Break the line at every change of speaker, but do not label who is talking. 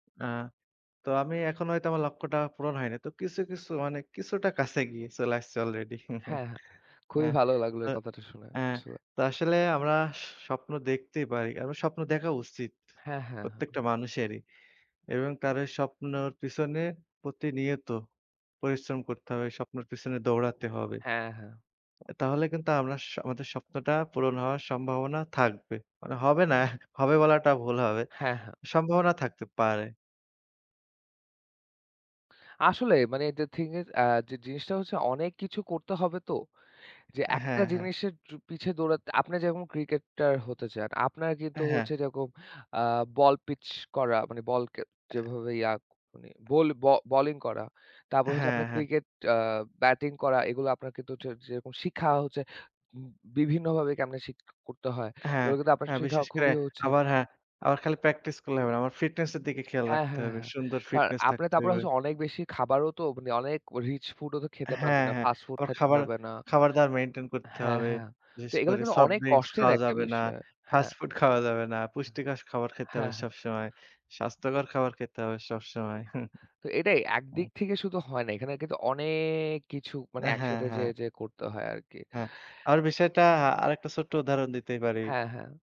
আ তো আমি এখন হয়তো আমার লক্ষ্যটা পূরণ হয়নি। তো কিছু, কিছু মানে কিছুটা কাছে গিয়ে, চলে আসছে অলরেডি।
হ্যাঁ, হ্যাঁ।
আ
খুবই ভালো লাগল
তো
এই কথাটা শুনে
আ
আসলে।
তো আসলে আমরা স্বপ্ন দেখতেই পারি। এব স্বপ্ন দেখা উচিত।
হ্যাঁ, হ্যাঁ, হ্যাঁ।
প্রত্যেকটা মানুষেরই এবং কারো স্বপ্নের পেছনে প্রতিনিয়ত, পরিশ্রম করতে হবে। স্বপ্নের পেছনে দৌড়াতে হবে।
হ্যাঁ, হ্যাঁ।
তাহলে কিন্তু আমরা স আমাদের স্বপ্নটা পূরণ হওয়ার সম্ভাবনা থাকবে। মানে হবে না, হবে বলাটা ভুল হবে।
হ্যাঁ, হ্যাঁ।
সম্ভাবনা থাকতে পারে।
আসলে মানে the thing is আ যে জিনিসটা হচ্ছে অনেক কিছু করতে হবে তো। যে একটা
হ্যাঁ, হ্যাঁ।
জিনিসের জু পিছে দৌড়াতে, আপনি যেরকম ক্রিকেটার হতে চান, আপনার
হ্যাঁ।
হচ্ছে যেরকম আ বল পিচ করা, মানে বলকে
আ
যেভাবে ইয়াক মানে বল ব বোলিং করা। তারপর হচ্ছে
হ্যাঁ,
আপনার
হ্যাঁ।
ক্রিকেট আ ব্যাটিং করা। এগুলা আপনার কিন্তু হচ্ছে যেরকম শিখা হচ্ছে, উ বিভিন্নভাবে ক্যামনে শিখ করতে হয়।
হ্যাঁ,
এগুলা কিন্তু আপনার
হ্যাঁ,
শিখা
বিশেষ করে
খুবই হচ্ছে
আবার হ্যাঁ, আবার খালি প্র্যাকটিস করলে হবে না। আমার ফিটনেস এর দিকে খেয়াল
হ্যাঁ,
রাখতে
হ্যাঁ,
হবে।
হ্যাঁ।
সুন্দর
কারন
ফিটনেস
আপনি
থাকতে
তারপরে
হবে।
হচ্ছে অনেক বেশি খাবারও তো মানে অনেক রিচ ফুডও তো খেতে
হ্যাঁ,
পারবেন না।
হ্যাঁ।
ফাস্ট ফুড
আবার
খাইতে
খাবার
পারবে না।
খাবার-দাবার মেইনটেইন করতে
হ্যাঁ,
হবে।
হ্যাঁ। তো
বিশেষ
এগুলো
করে
কিন্তু
সফট
অনেক
ড্রিংকস
কষ্টের
খাওয়া
একটা
যাবে না।
বিষয়।
ফাস্ট
হ্যাঁ।
ফুড খাওয়া যাবে না।
হ্যাঁ।
পুষ্টিকর খাবার খেতে হবে
হ্যাঁ, হ্যাঁ।
সবসময়। স্বাস্থ্যকর খাবার খেতে হবে সবসময়।
তো এটাই একদিক
উম
থেকে শুধু হয় না। এখানে কিন্তু অনেক কিছু মানে
হ্যাঁ,
একসাথে
হ্যাঁ।
যেয়ে, যেয়ে, করতে হয় আরকি।
হ্যাঁ, আবার বিষয়টা আরেকটা ছোট্ট উদাহরণ দিতেই পারি
হ্যাঁ, হ্যাঁ।